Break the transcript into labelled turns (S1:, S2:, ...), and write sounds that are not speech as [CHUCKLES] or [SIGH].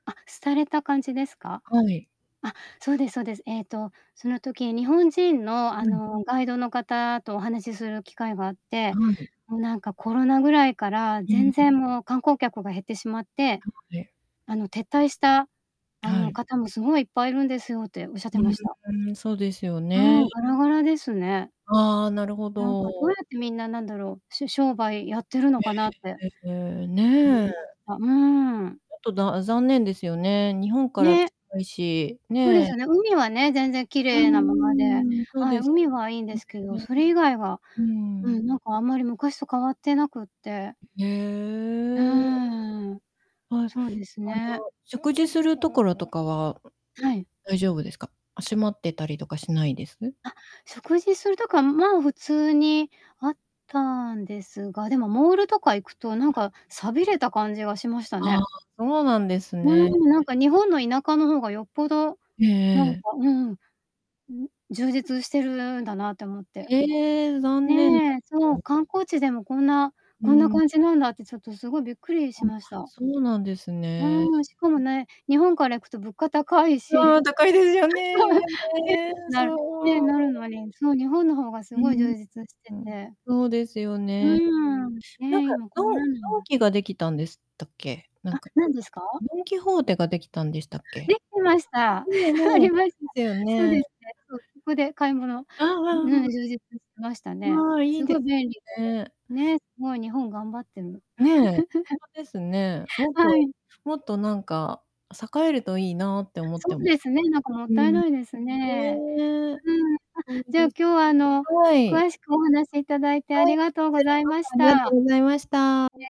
S1: あ、廃れた感じですか？
S2: はい。
S1: あ、そうですそうです、えっと、その時、日本人の、あ
S2: うん。
S1: の、ガイドの方とお話しする機会があって、
S2: はい。
S1: もう、なんかコロナぐらいから、
S2: うん、
S1: 全
S2: ん。
S1: 然、もう、観光客が減ってしまって、
S2: なので。
S1: あの、撤退した、あ
S2: は
S1: の、
S2: い。
S1: 方もすごいいっぱいいるんですよっておっしゃって
S2: う
S1: ま
S2: ん、
S1: した。
S2: うん、そうですよ
S1: うー
S2: ね。
S1: ん、ガラガラですね。
S2: ああ、なるほ
S1: なんか、どうや
S2: ど。
S1: ってみんな、なんだろう、し商売やってるのかなって
S2: え、ええ、
S1: 思い
S2: ねえ。
S1: ました。うーん。
S2: ちょっと、だあ、残念ですよね。日本から
S1: ね。
S2: 近いし
S1: そうです
S2: ね。
S1: よね。海はね、全然き
S2: う
S1: れいなままで、
S2: ーん、そう
S1: はい、
S2: です。
S1: 海はいいんですけ
S2: うん、
S1: ど、
S2: ね。
S1: それ以外は、
S2: うー
S1: うん、
S2: ん。
S1: なんか、あんまり昔と変わってなくって
S2: え
S1: う
S2: え、あら。
S1: ーん、
S2: はい。
S1: そうです
S2: あの、
S1: ね。
S2: 食事するところとかは、う、
S1: はい。
S2: 大丈夫ですか？あ、閉まってたりとかしないです？
S1: あ、食事するとこは、まあ、普通にあったんですが、でも、モールとか行くと、なんか寂れた感じがしました
S2: ああ、
S1: ね。
S2: そうなんです
S1: う
S2: ね、
S1: ーん、なん
S2: え。
S1: か日本の田舎の方がよっぽど
S2: ええ
S1: なん
S2: え
S1: か
S2: え。
S1: うんうん。うん。充実してるんだなって思って。
S2: ええ、残念だ
S1: ねえ、そ
S2: ね。
S1: う、観光地でも、こんな
S2: う
S1: こんな
S2: ん。
S1: 感じなんだって、ちょっとすごいびっくり
S2: あ、
S1: しました。
S2: そうなんですね。
S1: うーん、しかも
S2: え。
S1: ね、日本から行くと物価高いし。
S2: あ
S1: う、
S2: あ、高いですよね、今
S1: そう。え、
S2: ね、
S1: なね、
S2: そう。
S1: なるのに、そう、日本の方がす
S2: う
S1: ごい
S2: ん。
S1: 充実して
S2: うん。
S1: て。
S2: そうですよ
S1: う
S2: ね。
S1: ーん、
S2: なん
S1: ね、
S2: か、
S1: 今こ
S2: ド
S1: んな
S2: ン
S1: なん
S2: ドン
S1: だ。
S2: キができたんでしたっけ？なん
S1: あ、
S2: か、
S1: 何
S2: く
S1: ですか？
S2: ドンキホーテができたんでし
S1: あ、
S2: たっけ？
S1: できてました。
S2: 船
S1: [CHUCKLES] あ
S2: の、ん、
S1: りました。
S2: だよ
S1: そうで
S2: ね。
S1: すね。そう、そこで買い物
S2: あう
S1: う
S2: あ
S1: ん
S2: うあ
S1: うん、
S2: う。
S1: 充実してましたね。
S2: ああ、い
S1: す
S2: い
S1: ごい
S2: で
S1: 便利
S2: すね。
S1: で、ね、すごい日本頑張ってんの。
S2: ねえ、ほんと
S1: [CHUCKLES]
S2: ですね。もっ
S1: は
S2: と、
S1: い。
S2: もっとなんか栄えるといいなって思っ
S1: そ
S2: て
S1: う
S2: む
S1: ですね、なんかもっ
S2: う
S1: たい
S2: ん。
S1: ないです
S2: ほ、
S1: ね。
S2: ええ。
S1: うーん、あ、
S2: ほんと
S1: じゃあ、
S2: で
S1: 今
S2: す。
S1: 日は、あの、
S2: はい。
S1: 詳しくお話しいただいてあ
S2: は
S1: り
S2: い、
S1: が
S2: こ
S1: とう
S2: ち
S1: ご
S2: ら
S1: ざい
S2: こ
S1: ま
S2: そ
S1: し
S2: ありがと
S1: た。
S2: ご
S1: ね。
S2: ざいました。